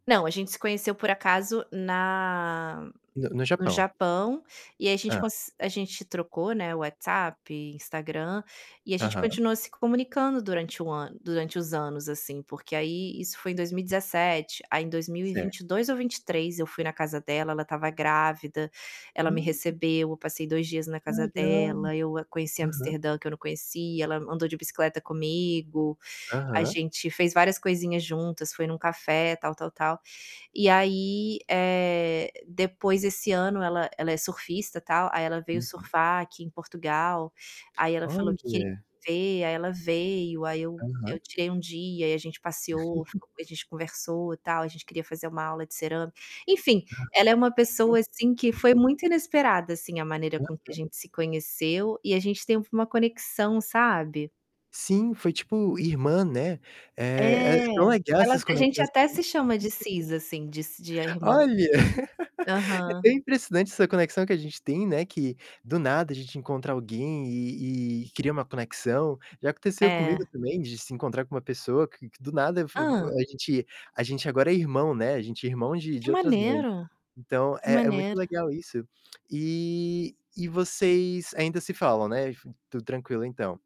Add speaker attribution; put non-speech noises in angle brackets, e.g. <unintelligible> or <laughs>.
Speaker 1: Não, a gente se conheceu por acaso na
Speaker 2: No no
Speaker 1: no
Speaker 2: Japão.
Speaker 1: Japão, e aí a gente
Speaker 2: Hã.
Speaker 1: cons a gente trocou, né, o WhatsApp, Instagram, e a gente
Speaker 2: Aham.
Speaker 1: continuou se comunicando durante o ano durante os anos, assim, porque aí isso foi em 2017, aí em dois mil e vinte
Speaker 2: Certo.
Speaker 1: e dois ou 23, eu fui na casa dela, ela estava grávida, ela me
Speaker 2: Hum.
Speaker 1: recebeu, eu passei 2 dias na
Speaker 2: Que ai,
Speaker 1: casa
Speaker 2: que da hora,
Speaker 1: dela, eu, hã, conheci
Speaker 2: aham.
Speaker 1: Amsterdã que eu não conhecia, ela andou de bicicleta comigo, a
Speaker 2: Aham.
Speaker 1: gente fez várias coisinhas juntas, foi em um café, tal, tal, tal. E aí, eh, depois, esse ano ela ela é surfista tal, aí ela veio
Speaker 2: Uhum.
Speaker 1: surfar aqui em Portugal, aí ela falou que queria
Speaker 2: Olha.
Speaker 1: ver, aí ela veio, aí eu
Speaker 2: Aham.
Speaker 1: eu tirei um dia e aí gente passeou,
Speaker 2: <laughs>
Speaker 1: ficou a gente conversou tal. A gente queria fazer uma aula de cerâmica, enfim, ela é uma pessoa assim que foi muito
Speaker 2: <unintelligible>
Speaker 1: inesperada assim a maneira com que a
Speaker 2: Aham.
Speaker 1: gente se conheceu, e a gente teve uma conexão, sabe?
Speaker 2: Sim, foi, tipo, irmã, né.
Speaker 1: É.
Speaker 2: Eh eh, tão legal
Speaker 1: Elas
Speaker 2: essas
Speaker 1: a gente
Speaker 2: conexões
Speaker 1: até
Speaker 2: que
Speaker 1: se chama de
Speaker 2: <laughs>
Speaker 1: "sis", assim, de si de a irmã.
Speaker 2: Olha, <laughs> é
Speaker 1: Aham.
Speaker 2: tão impressionante essa conexão que a gente tem, né, que, do nada, a gente encontrar alguém e e cria uma conexão. Já aconteceu comigo
Speaker 1: É.
Speaker 2: também de se encontrar com uma pessoa que que, do nada, eu f f
Speaker 1: Hã?
Speaker 2: a gente a gente agora é irmão, né, a gente é irmão de
Speaker 1: Que
Speaker 2: de outras mães.
Speaker 1: maneiro,
Speaker 2: Então
Speaker 1: que
Speaker 2: é é muito
Speaker 1: maneiro.
Speaker 2: legal isso. E e vocês ainda se falam, né, enf tudo tranquilo então?